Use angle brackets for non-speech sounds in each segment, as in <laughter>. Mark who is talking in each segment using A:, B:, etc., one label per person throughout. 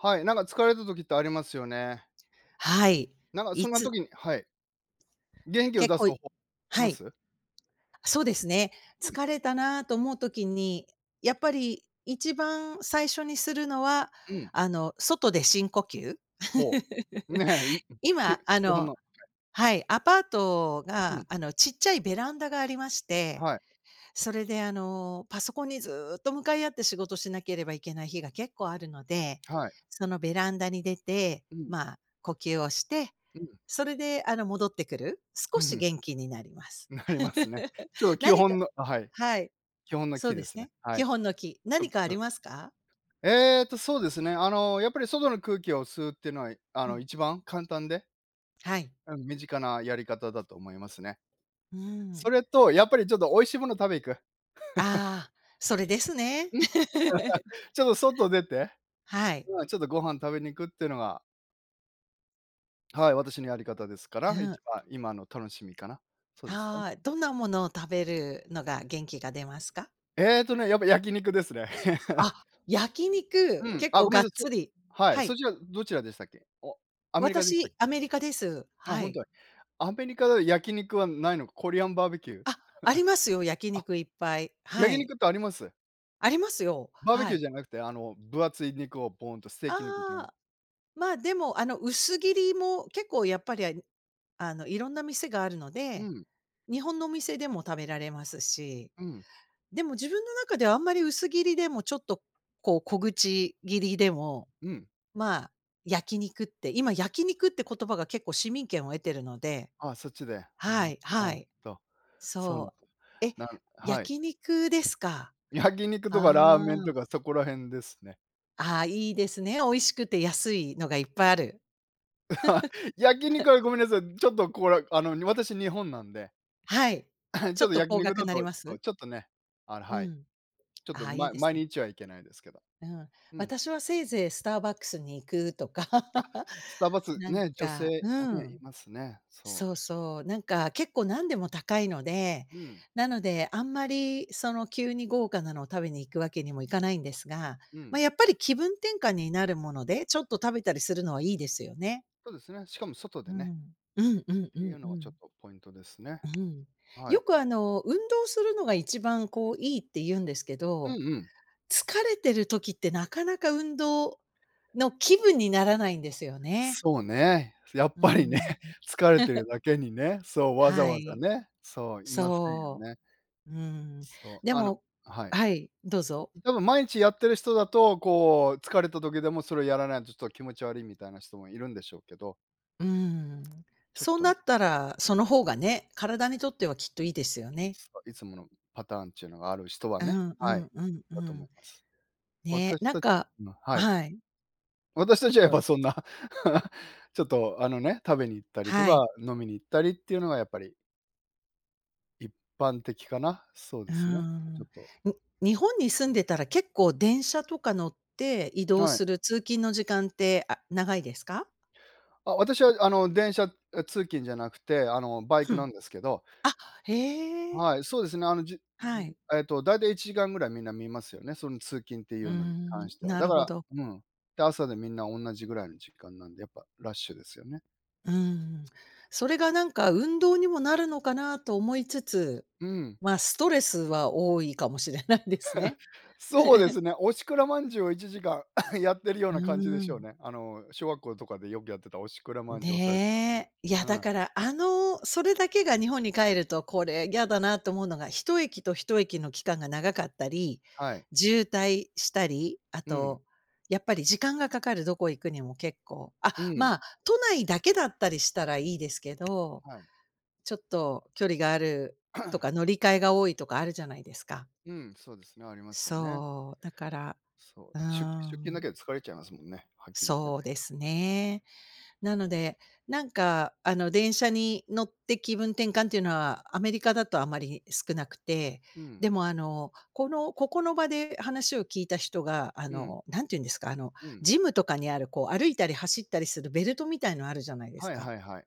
A: はい。なんか疲れた時ってありますよね。
B: はい。
A: なんか
B: い
A: そんな
B: つ。
A: 時にはい。元気を
B: 結
A: 出す
B: 構、い
A: 方法
B: は
A: ま
B: い。
A: す？
B: あ、そうですね。
A: うん。
B: 疲れたなと思う時に、やっぱり1番最初にするのは、
A: うん。
B: あの、外で深呼吸。
A: ほう。ねえ。いう
B: <laughs>
A: ん。き
B: 今、あ
A: お
B: の
A: 花。はい。
B: はい、アパート
A: う
B: が、
A: ん。
B: あのちっちゃいベランダがありまして、
A: はい。
B: それで、あの、パソコンにずっと向かい合って仕事しなければいけない日が結構あるので、
A: はい。
B: そのベランダに出て、
A: うん。
B: まあ、呼吸をして、
A: うん。
B: それで、あの、戻ってくる。少
A: ふふ
B: し
A: ん。
B: 元気になります。
A: なりますね。
B: <laughs>
A: ちょっと基
B: 何か。
A: 本のあ、はい。
B: はい。
A: 基本の
B: そ
A: 基
B: う
A: で
B: です
A: すね。
B: ね。
A: は
B: 基
A: い。
B: 本の基。
A: とぶ
B: 何かあ
A: う。
B: りますか？
A: えっと、そうですね。あのやっぱり外の空気を吸うってのは、いあ
B: う
A: のい
B: ん。
A: ちばん簡単で。
B: はい。
A: あの、身近なやり方だと思いますね。
B: うん。
A: それとやっぱりちょっとおいしいもの食べ行く。<laughs>
B: あ、それですね、
A: うん。
B: <laughs>
A: <laughs> ちょっと外出て、
B: はい。
A: まあ、ちょっとご飯食べに行くっていうのが。はい、私のやり方ですか
B: うん、
A: ら。い
B: うん。
A: ちばん今の楽しみかな。そうですね。
B: はい、どんなものを食べるのが元気が出ますか？
A: えっとね、やっぱ焼肉ですね。<laughs>
B: あ、焼
A: う
B: 肉。
A: ん。
B: 結
A: あ、
B: 構
A: ご
B: が
A: め
B: っ
A: んなさい。
B: つ
A: そ
B: り。
A: は
B: は
A: い。
B: い。
A: そちらどちらでしたっけ。お、アメリカでしたっ
B: 私
A: け。
B: アメリカです。
A: あ、
B: は
A: ほん
B: い。
A: と、い。アメリカでは焼肉はないのか。コリアンバーベキュー。<chuckles>
B: あ、ありますよ、焼
A: あ、
B: 肉いっぱい。は
A: 焼
B: い。
A: 肉ってあります？
B: ありますよ。
A: バーベ
B: は
A: キュー
B: い。
A: じゃなくて、あの、分厚い肉をボーンとステー
B: あ
A: キ肉みたい。
B: あ。まあでもあの薄切りも結構やっぱり、ああのいろんな店があるの
A: う
B: で、
A: ん。
B: 日本のお店でも食べられますし。
A: うん。
B: でも自分の中ではあんまり薄切りでも、ちょっと、こう小口切りでも、
A: うん。
B: まあ、焼肉って、今、焼肉って言葉が結構市民権を得ているので。
A: あ、そっちで。あ、
B: は
A: な
B: い、
A: ほ
B: は
A: ん
B: い。
A: と、そうなん
B: そ
A: だ。
B: う。え、
A: なんはい。
B: 焼肉ですか。
A: 焼肉とかラー
B: あ
A: メンと
B: あ。
A: かそこらへんですね。
B: ああいいですね。美味しくて安いのがいっぱいある。
A: <laughs> 焼
B: <laughs>
A: 肉はごめんなさい。ちょっとこれ、あの、私日本なんで。
B: はい。
A: <clears throat>
B: ち
A: ちょ
B: ょっ
A: っと
B: と
A: 焼
B: 高
A: 肉
B: 額
A: だ
B: なり
A: と
B: ま
A: そ、
B: す？
A: ちょっとね。あら、
B: う
A: はい。
B: ん。
A: ちょっと、
B: ああ、いい
A: ま
B: です
A: 毎
B: ね。
A: 日は行けないですけど。
B: うん。
A: うん。
B: 私はせいぜいスターバックスに行くとか。
A: あ、スタバす
B: なん
A: ね。女性
B: か。う
A: をね、い
B: ん。
A: ますね、そう。
B: そうそう。なんか結構何でも高いので、
A: うん。
B: なのであんまりその急に豪華なのを食べに行くわけにもいかないんですが、
A: う
B: ま、
A: ん。
B: やっぱり気分転換になるものでちょっと食べたりするのはいいですよね。
A: そうですね。しかも外
B: う
A: でね。
B: ん。うんうんう
A: てい
B: ん
A: う
B: う
A: のはちょっ
B: ん。
A: とポイントですね。
B: う、ふん。
A: は
B: よ
A: い。
B: くあの運動するのが1番こういいって言うんですけ
A: うん
B: ど、
A: うん。
B: 疲れてる時ってなかなか運動の気分にならないんですよね。
A: そうね。やっ
B: うん
A: ぱ
B: う
A: りね、
B: んうん。
A: 疲れて
B: <laughs>
A: るだけにね、そうわざ
B: は
A: わざ
B: い。
A: ね、そういませんよ
B: そ
A: ね。
B: う。うん。
A: そ
B: で
A: う。あの
B: も
A: はい。
B: はい。どうぞ。
A: でも、毎日やってる人だと、こう疲れた時でもそれやらないとちょっと気持ち悪いみたいな人もいるんでしょうけど。
B: うん。
A: ちょっ
B: そう
A: と
B: な
A: ね。
B: ったらその方がね、体にとってはきっといいですよね。
A: そう。いつものパターンっちゅうのがある人は
B: う
A: ね。
B: んう
A: はい。
B: んうんう
A: だと思
B: ん。
A: います。
B: ね、
A: 私
B: なん
A: たちは
B: か
A: 今はい。
B: はい。
A: 私たちはや
B: そ
A: っ
B: う。
A: ぱそんな、<laughs> ちょっとあのね、食べに行ったりと
B: は
A: か
B: い。
A: 飲みに行ったりっていうのがやっぱり。一般的かな。そう
B: うー
A: ですね、あ、
B: ん。
A: ちょ
B: ん、
A: っと。
B: 日本に住んでたら結構電車とか乗って移動
A: はい。
B: する通勤の時間って、あ、長いですか？
A: あ、私はあの、電車え、通勤じゃなくて、あの、バイ
B: ふ
A: ク
B: ん。
A: なんですけど。
B: あ、へえ。
A: はい、そうですね。あの、じうう
B: はい。
A: ん、えっと大体1時間ぐらいみんな見ますよね、その通勤ってい
B: う
A: うのに関
B: ん、
A: しては。
B: な
A: だ
B: る
A: か
B: ほ
A: ら
B: ど。
A: うん、で、朝でみんな同じぐらいの時間なんで、やっぱラッシュですよね。
B: うん。それがなんか運動にもなるのかなと思いつつ、
A: うん。
B: ま、ストレスは多いかもしれないですね。
A: <laughs> そうで
B: <laughs>
A: すね。おしくらまんじゅうを1時間 <coughs> やってるよう
B: う
A: な感じで
B: ー
A: しょう
B: ん。
A: ね。あの、小学校とかでよくやってたおしくらまんじゅう押されて、なに
B: ね、いや
A: う
B: だ
A: ん。
B: からあの、それだけが日本に帰るとこれ嫌だなと思うのが、一駅と一駅の期間が長かったり、
A: はい。
B: 渋滞したり、あ
A: うん。
B: とやっぱり時間がかかる、どこへ行くにも結構。あ、
A: うん。
B: まあ都内だけだったりしたらいいですけど、
A: はい。
B: ちょっと距離があると
A: <clears throat>
B: か乗り換えが多いとかあるじゃないですか。
A: うん。そうですね。ありますよね。
B: そう。だから。
A: そう。
B: うー
A: 出出勤だ
B: ん。
A: けで疲れちゃいますもんね、はっきり言っ
B: そ
A: て
B: う
A: ね。
B: ですね。なのでなんか、あの、電車に乗って気分転換ていうのはアメリカだとあまり少なくて、
A: うん。
B: でもあの、この、ここの場で話を聞いた人があ
A: うん。
B: のなんて言うんですか、あの、
A: うん。
B: ジムとかにあるこう歩いたり走ったりするベルトみたいのあるじゃないです
A: はい
B: か。
A: はいはい。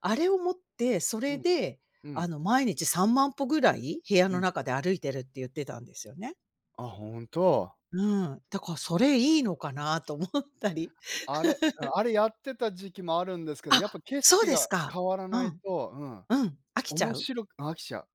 B: あれをもってそ
A: う
B: れ
A: ん、
B: で、
A: う
B: 「あ
A: ん。
B: の毎日3万歩ぐらい部屋
A: う
B: の
A: ん。
B: 中で歩いてる」って言ってたんですよね。
A: あ、本当？
B: うん。だからそれいいのかなと思ったり。
A: あれ。うん。
B: <laughs>
A: あれやってた時期もあるんですけど、やっぱ
B: あ、
A: 景
B: そう
A: 色
B: です
A: が
B: か。
A: 変わら
B: う
A: ない
B: ん。
A: とうん、
B: うん。飽きちゃ
A: 面
B: う？
A: 白く飽きちゃう。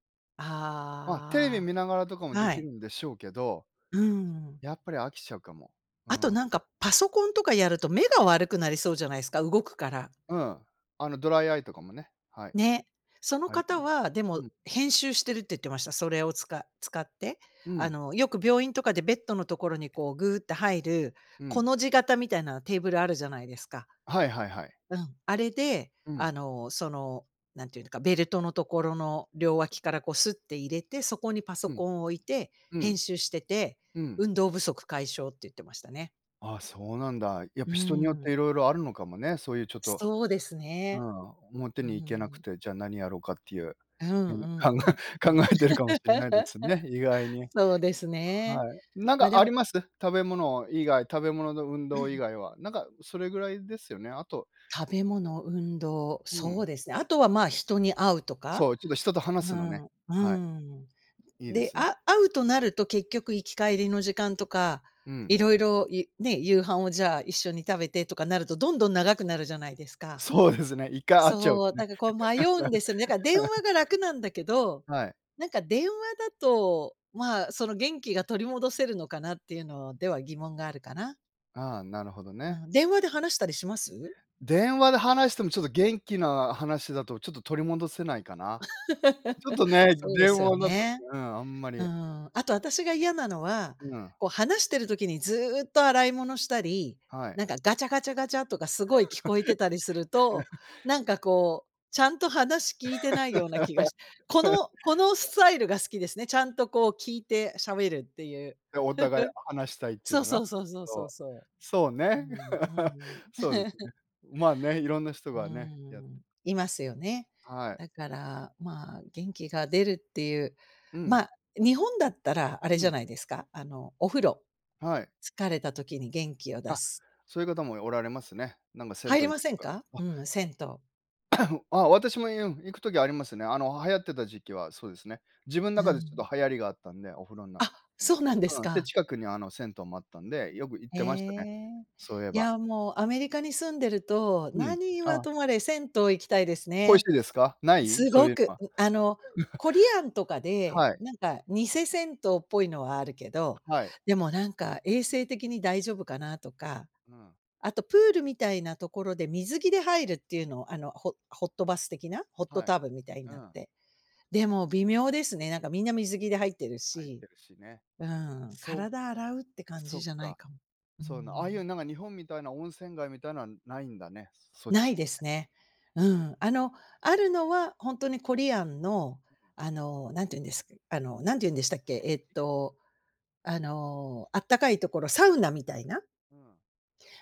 A: ま、テレビ
B: あ、
A: 見ながらとかもで
B: は
A: き
B: い。
A: るんでしょうけど、
B: うん。
A: やっぱり飽きちゃうかも。う
B: あと
A: ん。
B: なんかパソコンとかやると目が悪くなりそうじゃないすか、動くから。
A: うん。あのドライアイとかもね。はい。
B: ね、その
A: あり
B: 方
A: ま
B: は、でも
A: うん。
B: 「編集してる」って言ってました。それを使使って。
A: う
B: あ
A: ん。
B: の、よく病院とかでベッドのところにこう、ぐうっと入る
A: う
B: コ
A: ん。
B: の字型みたいなテーブルあるじゃないですか。
A: はいはいはい。
B: うん。あれで
A: うん。
B: あの、その、なんていうのかベルトのところの両脇からこう、すって入れてそこにパソ
A: うん。
B: コン置いて
A: う
B: 編
A: ん。
B: 集してて、
A: うん。
B: 運動不足解消って言ってましたね。
A: ああそうなんだ。やっ
B: う
A: ぱ人によっ
B: ん。
A: ていろいろあるのかもね。そういうちょっと
B: そうです
A: う
B: ね。
A: ん、表
B: う
A: に行けなく
B: ん。
A: て。じゃ、何やろうかっていう。
B: うん
A: 何
B: う
A: や、
B: ん
A: 考
B: うんう
A: え
B: ん。
A: 考えてるかもしんないで
B: <laughs>
A: すね、意外に。
B: そうですね。
A: はい。なん
B: ま、
A: か
B: で
A: あ
B: も
A: ります食べ物以外。食べ物と運動以
B: <clears throat>
A: 外は。なんかそれぐらいですよね。あと。
B: 食べ物運動、
A: う
B: そ
A: ん。
B: うですね。あとは、まあ、人に会うとか。
A: そう。ちょっと人と話
B: う
A: すのね。
B: ん、う
A: はい。
B: ん。
A: いいで
B: で、
A: すね。
B: あ会うとなると結局行き帰りの時間とか
A: うん。
B: いろいろ、いね。夕飯をじゃあ一緒に食べてとかなるとどんどん長くなるじゃないですか。
A: そうですね。1回会っちゃう
B: そ
A: と
B: う。
A: ね。
B: なんかこう迷うんですよね。なんか電話が楽なんだけ
A: <laughs>
B: ど
A: はい。
B: なんか電話だとまあその元気が取り戻せるのかなっていうのでは疑問があるかな。
A: ああ、なるほど
B: う
A: ね。
B: ん。電話で話したりします？
A: 電話で話してもちょっと元気な話だとちょっと取り戻せないかな。ちょっ
B: <laughs>
A: とね。
B: そうで
A: 電
B: すよ
A: 話なったって。
B: ね。
A: うん、あんま
B: う
A: り。
B: ん。あと私が嫌なのは
A: うん。
B: こう話している時にずっと洗い物したり、
A: はい。
B: なんかガチャガチャガチャとかすごい聞こえてたりすると、
A: <laughs>
B: なんかこう、ちゃんと話聞いてないような気がしこ
A: <laughs> いや。
B: のこのスタイルが好きですね、ちゃんとこう聞いてしゃべるっていう。
A: で、お互い話したいっ
B: <chuckles>
A: ていう
B: そう
A: のが。
B: そうそうそう
A: そ
B: そう
A: う。
B: そ
A: そう
B: う。
A: ね。
B: うん、うん
A: <laughs>
B: うん。
A: そうです
B: <laughs>
A: ね。まあ、ね、いろんな人
B: う
A: が、ね、やって、
B: ん。いますよね。
A: やはい。
B: だからまあ元気が出るっていう。
A: うん。
B: ま、日本だったらあれ
A: う
B: じゃ
A: ん。
B: ないですか、あの、お風呂。
A: はい。
B: 疲れた時に元気を出
A: あ、
B: す。
A: そういう方もおられますね。なんか銭
B: 入
A: 湯
B: り
A: 行
B: ま
A: く
B: せ
A: と
B: ん
A: か。
B: か？
A: あ。
B: うん、銭湯。
A: <coughs> あ、私も、うん、行く時ありますね。あの流行ってた時期はそうですね。自分
B: う
A: なかでち
B: ん。
A: ょっと流行りがあったんでお風呂な。
B: あ、そうなんです
A: うん。で、
B: か。
A: 近くにあの、銭湯もあったんでよく行っ
B: へ
A: てましたね。
B: え。
A: そういえ
B: い
A: ば。
B: や、もうアメリカに住んでると、
A: うん。
B: 何は
A: ああ。
B: とまれ銭湯行きたいです
A: 恋し
B: ね。
A: いですか、ない？
B: す
A: そう
B: ご
A: いう
B: く。
A: のは。
B: あの、コリアンとか
A: <chuckles>
B: で、
A: はい。
B: なんか偽銭湯っぽいのはあるけど、
A: はい。
B: でもなんか衛生的に大丈夫かなとか。
A: うん。
B: あとプールみたいなところで水着で入るっていうのを、あのホッホットバス的な、ホット
A: はい。
B: タブみたいに
A: う
B: なっ
A: ん。
B: て。でも微妙ですね。なんかみんな水着で入ってる
A: 入っ
B: し。
A: てるしね。
B: うん。
A: そ
B: 体洗うって
A: う、
B: 感
A: そ
B: じ
A: っ
B: じゃない
A: か。
B: かも。う
A: そうなああい
B: ん。
A: うなんか日本みたいな温泉街みたいなんはないんだね。そっ
B: な
A: ち
B: い
A: は
B: で
A: ね。
B: すね、う
A: そ
B: ん。あ
A: どう
B: の、ある
A: ん。
B: のはほんとにコリアンの、
A: うん。
B: あの、なんて言うんですか、あのなんて言うんでしたっ
A: あか
B: け、えっ
A: すき。
B: と、あの、あったかいところサウナみたいな。
A: うん。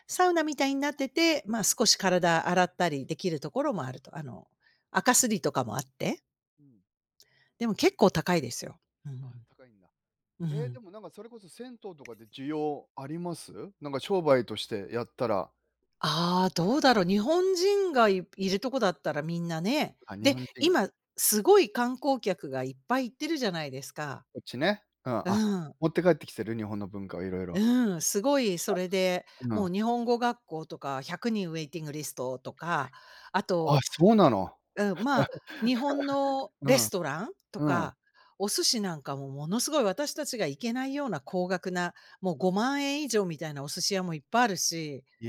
B: サウナみたいになってて、まあ、
A: うん。
B: 少し体洗ったりできるところもあるとあの、垢すりとかもあって。
A: うん。
B: でも結構高いですよ。う
A: あ、
B: ん。
A: 高いんだ。
B: う
A: ええ、で
B: ん。
A: もなんかそれこそ銭湯とかって需要あります？なんか商売としてやったら。
B: あ、どうだろう日本人がいいるとこだったらみんなね。
A: あ、日
B: で、
A: 本人が。
B: 今すごい観光客がいっぱい行ってるじゃないですか。
A: こっちね、うん。
B: う
A: あ、
B: ん。
A: 持って帰ってきてる日本の文化をいろいろ。
B: うん。すごい
A: い
B: そ
A: や、
B: れで、
A: あ
B: もう
A: の。
B: 日本語学校とか100人ウェイティングリストとか。あ
A: あ、
B: と、
A: そうなの。
B: うん、まあ日本の
A: <laughs> う
B: レ
A: ん、
B: ストランと
A: うん。
B: かお寿司なんかもものすごい私たちが行けないような高額なもう5万円以上みたいなお寿司屋もいっぱいあるし。
A: い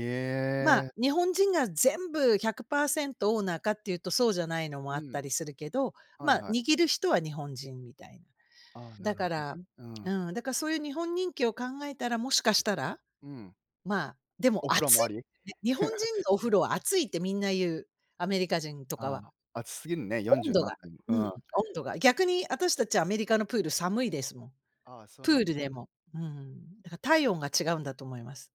B: ま
A: え。
B: あ日本人が全部100%オーナーかっていうとそうじゃないのもあ
A: う
B: った
A: ん。
B: りするけど、
A: はい
B: まあ、
A: はい。
B: 握る人は日本人みたいな。
A: あ、な
B: だ
A: る
B: か
A: ほ
B: ら。
A: どね。うん。
B: うん、だからそういう日本人気を考えたらもしかしたら。
A: うん。
B: まあ、でも
A: お風呂
B: 熱
A: も
B: い
A: あ
B: んだ
A: り？
B: ね。日本人の
A: <laughs>
B: お風呂は熱いってみんな言う。アメリカ人とか
A: あ、
B: は。
A: 熱すぎるね。よんじ
B: 温
A: ゅう
B: 度
A: 何
B: が。
A: たいも。
B: うん、温
A: うん。
B: 度が。逆に私たちアメリカのプール寒いですもん。
A: ああ、そう
B: プー
A: なん。
B: ルでも。うん。だから体温が違うんだと思います。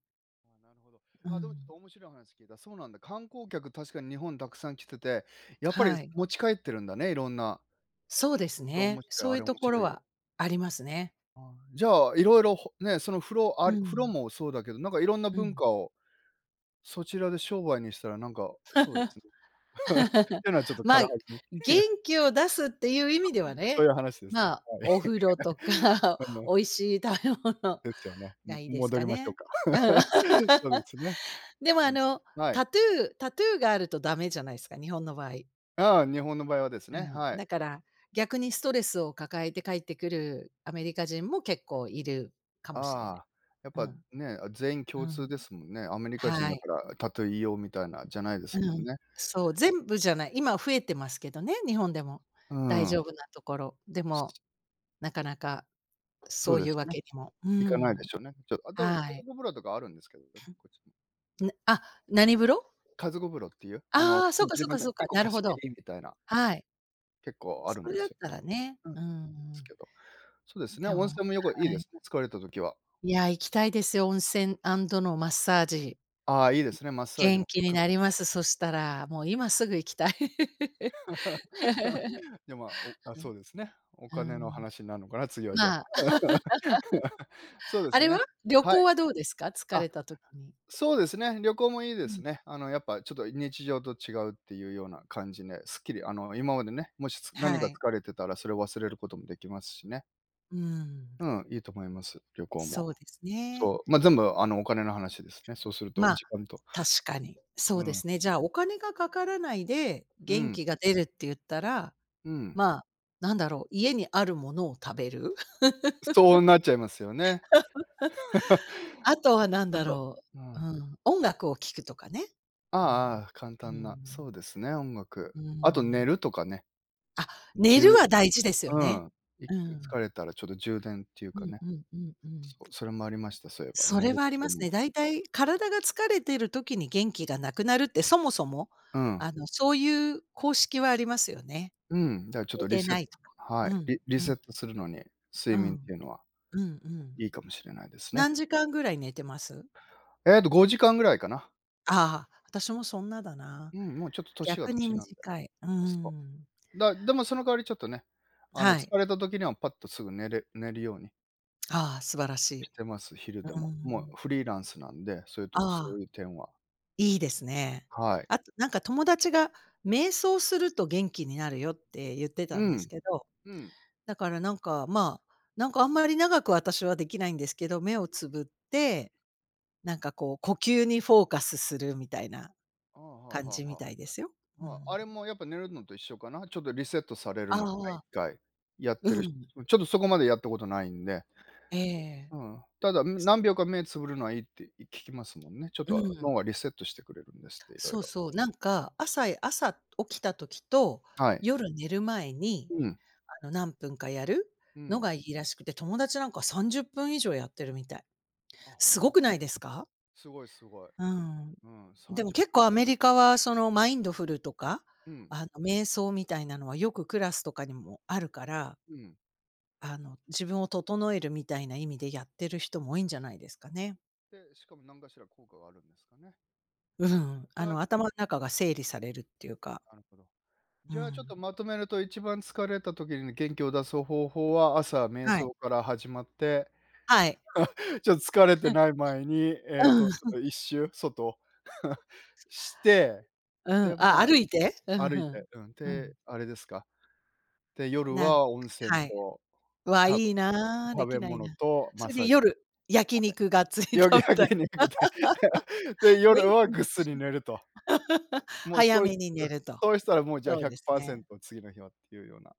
A: あ、なるほど。
B: う
A: あ、でもちょっ
B: ん。
A: と面白い話聞けた。そうなんだ。観光客確かに日本たくさん来てて、やっぱり
B: はい。
A: 持ち帰ってるんだね、色んな。
B: そうです
A: それ面
B: ね。
A: 白
B: そ
A: い、
B: う
A: あ
B: いう
A: れ面
B: ところ
A: 白いを。
B: はありますね。
A: あ、じゃあ色々、ほね、その風呂あ
B: う
A: り風呂
B: ん。
A: もそうだけどなんかいろんな
B: う
A: 文
B: ん。
A: 化を、そちらで商売にしたらなんか、そうですね。<chuckles>
B: <laughs>
A: ていうのはちょっと
B: ま
A: 軽
B: あ、
A: はずみ？
B: 元
A: <chuckles>
B: 気を出すっていう意味では
A: そうい
B: ね、
A: う話です
B: ま
A: ね、
B: あ、
A: はい。
B: お風呂とか
A: <laughs> うん。
B: 美味しい食べ物
A: ですよね、
B: が
A: も
B: いいです
A: 戻
B: か
A: りましょう
B: ね。うん。
A: か。<laughs> そうですね。
B: でも、
A: う
B: あ
A: ん。
B: の、
A: はい。
B: タトゥータトゥーがあるとダメじゃないすか、日本の場合。
A: ああ、日本の場合はです
B: う
A: ね、
B: ん。
A: はい。
B: だから逆にストレスを抱えて帰ってくるアメリカ人も結構いるかもしれない。
A: ああ、やっ
B: う
A: ぱ、
B: ん。
A: ね、全員
B: う
A: 共通
B: ん。
A: ですもんね。アメリカ人
B: は
A: だ
B: い。
A: からタトゥーいいよみたいな、じゃないです
B: う
A: もん
B: ん。
A: ね。
B: そう全部じゃない。今増えてますけどね、日本でも。
A: う
B: 大
A: ん。
B: 丈夫なところ。でも、なかなか
A: そ
B: そ
A: う
B: う
A: で
B: いう
A: す
B: わ
A: ね。
B: けにも。う
A: いかないで
B: ん。
A: しょうね。ちょっあ、でも、家
B: はい。
A: 族風呂とかはあるんですけどね。こっちも。
B: なあ、何風呂？
A: 家族風呂っていう、あの
B: あ、
A: う
B: そ
A: ん、
B: うか
A: 自
B: そう
A: 分
B: か
A: で
B: そうか、
A: 1個
B: なるほ
A: 貸
B: ど。
A: 切みたいな。
B: はい。
A: 結構あるん
B: そ
A: で
B: れだ
A: す
B: っ
A: よ。
B: たらね、
A: うん。
B: う
A: で
B: んう
A: す
B: ん。
A: けど。そうですね、
B: でも、
A: 温泉も旅行いい
B: は
A: で
B: い。
A: すね。疲れたときは。
B: いや行きたいですよ温泉アンドのマッサージ。
A: あ、いいですねマッサージ
B: 元
A: も
B: 気に
A: 含
B: なり
A: め
B: ま
A: て。
B: すそしたら。もう今すぐ行きたい。
A: <laughs> いや、まあ、お、
B: <laughs>
A: あ、
B: ふん。
A: そうですね。お
B: う
A: 金の
B: ん。
A: 話になんのかな。次はじゃあ。
B: まあ、
A: <laughs> そう
B: <laughs>
A: で
B: あ
A: す
B: れ
A: ね、
B: は？旅
A: は
B: 行
A: い。
B: はどうですか、疲
A: あ、
B: れたときに。
A: そうですね。旅行もいいで
B: う
A: す
B: ん。
A: ね。あのやっぱちょっと日常と違うっていうような感じで、スッキリ。あの、今までね、もし、つ
B: は
A: 何か
B: い。
A: 疲れてたらそれを忘れることもできますしね。
B: うん。
A: うん、いいと思います旅行
B: そ
A: も。
B: うですね。
A: そう。ま、全部、あの、お金の話ですね。そうすると
B: まあ、
A: 時間と。
B: 確かに。そ
A: う
B: うで
A: ん。
B: すね。じゃあお金がかからないで
A: う
B: 元
A: ん。
B: 気が出るって言ったら、
A: うん。
B: まあ、何だろう、家にあるものを食べる？
A: そうなっちゃいますよね。<laughs>
B: <laughs> あとは何
A: あ
B: だ
A: と
B: ろう？
A: あ
B: う
A: あ。
B: ん。音楽を聴くとかね。
A: あ
B: う
A: あ
B: ん、
A: ああ。簡
B: う
A: 単な、
B: ん。
A: そうですね音楽。
B: う
A: あと、寝
B: ん。
A: るとかね。
B: あ、
A: うん、
B: 寝
A: 充
B: るは大事ですよ
A: う
B: ね。
A: ん。いっ
B: う
A: かい
B: ん。
A: 疲れたらちょっと充電っていう
B: う
A: か
B: ん
A: ね。
B: うんうんうん。
A: そう、それもありました。そういえば
B: そ
A: 寝
B: れ
A: る
B: はあ
A: っ
B: り
A: てい
B: ま
A: うの
B: すね。
A: も。
B: だいたい体が疲れている時に元気がなくなるってそもそも、
A: うん。
B: あの、そういう公式はありますよね。
A: うん。だからちょっ
B: 寝
A: とリ
B: て
A: セッ
B: ないとか。
A: は
B: う
A: い。
B: ん
A: リリ
B: う
A: セ
B: ん。
A: ットするのに
B: う
A: 睡眠っ
B: ん。
A: ていうのは
B: うんうん。
A: いいかもしれないですね。
B: 何時間ぐらい寝てます？
A: えっと5時間ぐらいかな。
B: あ、私もそんなだな。
A: うん。もうちょっと年は
B: 逆に
A: 年なんで。
B: 短い。う
A: そ
B: ん。
A: う。だでもその代わりちょっとね、あの、
B: はい。
A: 疲れた時にはパッとすぐ寝れ寝るように。
B: あ、素晴らし
A: し
B: い。
A: てます。昼で
B: う
A: も。もう
B: ん。
A: フリーランスなんでそういう
B: あ
A: とそ
B: あ。
A: ういう点は。
B: いいですね。
A: はい。
B: あとなんか友達が「瞑想すると元気になるよ」って言ってた
A: う
B: んです
A: ん、
B: けど、
A: うん。
B: だからなんかまあ、なんかあんまり長く私はできないんですけど、目をつぶって、なんかこう呼吸にフォーカスするみたいな
A: あ、は
B: 感
A: は
B: じみ
A: は。
B: たいですよ、う
A: は、あ
B: ん。
A: れもやっぱ寝るのと一緒かな？ちょっとリセットされる
B: ああ
A: のかな、
B: あ
A: いっ
B: あ。
A: かい。やっ
B: う
A: てる、<unintelligible>
B: ん。
A: うん、ちょっとそこまでやったことないんで。
B: ええ。
A: うん。ただ、ん何秒か目つぶるのはいいって聞きますもんね。ちょっ
B: う
A: と
B: ん。
A: 脳がリセットしてくれるんですっていろい
B: そう
A: ろ。
B: そう、なんか朝へ朝起きた時と
A: はい。
B: 夜寝る前に、
A: うん。
B: あの何分かやる
A: う
B: の
A: ん。
B: がいいらしくて友達なんか30分以上やってるみたい。
A: あ、
B: す
A: ほ
B: ご
A: んと。
B: くないですか？
A: すごい、すごい。
B: うん。
A: うん。さ
B: で
A: ん
B: も
A: じゅっ
B: 結
A: ぷん。
B: 構アメリカはそのマインドフルとか、
A: うん。
B: あの瞑想みたいなのはよくクラスとかにもあるから。
A: うん。
B: あの、自分を整えるみたいな意味でやってる人も多いんじゃないですか
A: うん。
B: ね。
A: で、しかも何かしら効果があるんですかね。
B: うん。
A: い
B: あ
A: や。
B: の頭の中が整理されるっていう
A: うん、
B: か。
A: なるほど。
B: う
A: じゃ、ちょっと
B: ん。
A: まとめると1番疲れた時に元気を出す方法は朝、瞑
B: はい。
A: 想から始まって、
B: はい。
A: ちょっと疲れて
B: はい。
A: ない前に、えっと、ちょっ
B: <laughs>
A: と一周、外、<chuckles> して、
B: うん、
A: で、
B: あ、
A: ま、
B: 歩いて？うふ、
A: 歩
B: ふ
A: い
B: ん。
A: て、うん、
B: うん。
A: て、あれですか？て、夜
B: なん
A: は温泉
B: はい。
A: と
B: うわ、
A: 食べ
B: いいな、
A: 食
B: でき
A: べ
B: ない
A: 物
B: な。
A: とマ
B: そ
A: ッ
B: れ
A: サ
B: で
A: ージ。パフ
B: 夜、焼肉がっつり
A: ェ。夜
B: 食べたり。
A: 焼肉って。で、
B: <laughs> 元
A: 夜は
B: 気だし
A: ぐっすり寝ると。
B: な。<laughs>
A: もう
B: 早
A: そうい
B: めに
A: う
B: 寝
A: ん。
B: ると。
A: そうしたらもうじゃあ
B: そ
A: ひ
B: う
A: ゃく
B: です
A: パーセ
B: ね。
A: ント次の日はっていうような。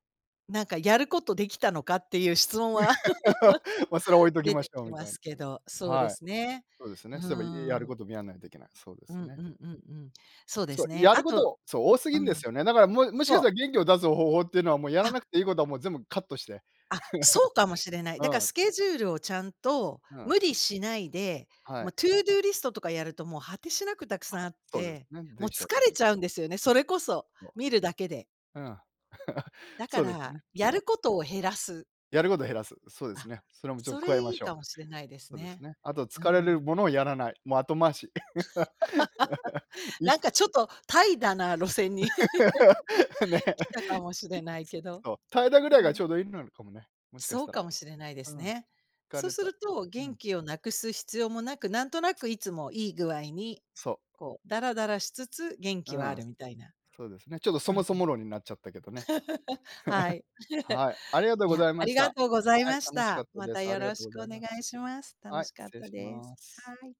B: なんかやることできたのかっていう質問は
A: <laughs> ま、それは置
B: <laughs>
A: いとき
B: 出
A: ま
B: て
A: しょう
B: き
A: みた
B: ま
A: いな。
B: す
A: う
B: け
A: ん。
B: どそうで
A: はい。
B: すね。
A: そうです
B: う
A: ね、そういえばやる
B: ん。
A: こともやんないといけない。そうで
B: う
A: す
B: ん
A: ね。
B: うんうんうん。そうで
A: そう。
B: すね。
A: やる
B: あ
A: こ
B: と。
A: とそう多す
B: う
A: ぎんで
B: ん。
A: すよね。だから、ももしかし
B: そう。
A: たら元気を出す方法っていうのはもうやら
B: あ。
A: なくていいことはもう全部カットして。
B: あ、そうかもしれな
A: <laughs>
B: い。だから
A: うん。
B: スケジュールをちゃんと
A: ふん。
B: 無理しないで、
A: は
B: も
A: い。
B: う To-do list とかやるともう果てしなくたく
A: あ。
B: さんあっ
A: そうです
B: て、
A: ね。
B: も
A: で
B: う
A: きち
B: 疲
A: ゃいます
B: れ
A: もん
B: ち
A: ね。
B: ゃうんですよね、それこそ
A: お。
B: 見るだけで。
A: うん。<laughs>
B: だか
A: そうです
B: ら
A: ね。
B: や
A: そう。
B: ることを減らす。
A: やることを減らす。そうです
B: あ、
A: ね。それもちょっと
B: そ
A: 加え
B: れ
A: ま
B: いい
A: し
B: か
A: ょう。
B: もしれないです
A: そうです
B: ね。
A: ね。あと
B: う
A: 疲れる
B: ん。
A: ものをやらない。もう後回し。<laughs>
B: <laughs>
A: い
B: なんかちょっと怠惰な路線に
A: <laughs> ね。
B: 来たかもし
A: い
B: れ
A: く
B: ない
A: つ、
B: けど、
A: そう。怠惰ぐら
B: う
A: いが
B: ん。
A: ちょうど良いのかもね。もしかし
B: そう
A: た
B: か
A: ら。
B: もしれないで
A: う
B: す
A: ん。
B: ね。
A: 疲
B: そう
A: れ
B: す
A: た。
B: ると
A: う
B: 元
A: ん。
B: 気をなくす必要もなく、なんとなくいつもいい具合に、
A: そう。
B: こう、だらだらしつつ、元
A: う
B: 気はあ
A: ん。
B: るみたいな。
A: そうですね。ちょっとそ
B: う
A: も
B: ん。
A: そも論になっちゃったけどね。
B: <laughs> はい。
A: <laughs>
B: <laughs>
A: はい、ありがとう
B: い
A: ご
B: や、
A: ざい
B: あ
A: ま
B: り
A: し
B: が
A: た。
B: とうござい
A: はい、
B: まし
A: 楽しか
B: た。
A: った
B: ま
A: で
B: た
A: す。あ
B: よ
A: りが
B: ろ
A: と
B: し
A: うご
B: くお
A: ざい
B: 願
A: ま
B: い
A: す。
B: します。楽
A: はい、
B: しかっ
A: 失礼
B: た
A: し
B: です。
A: ます。
B: はい。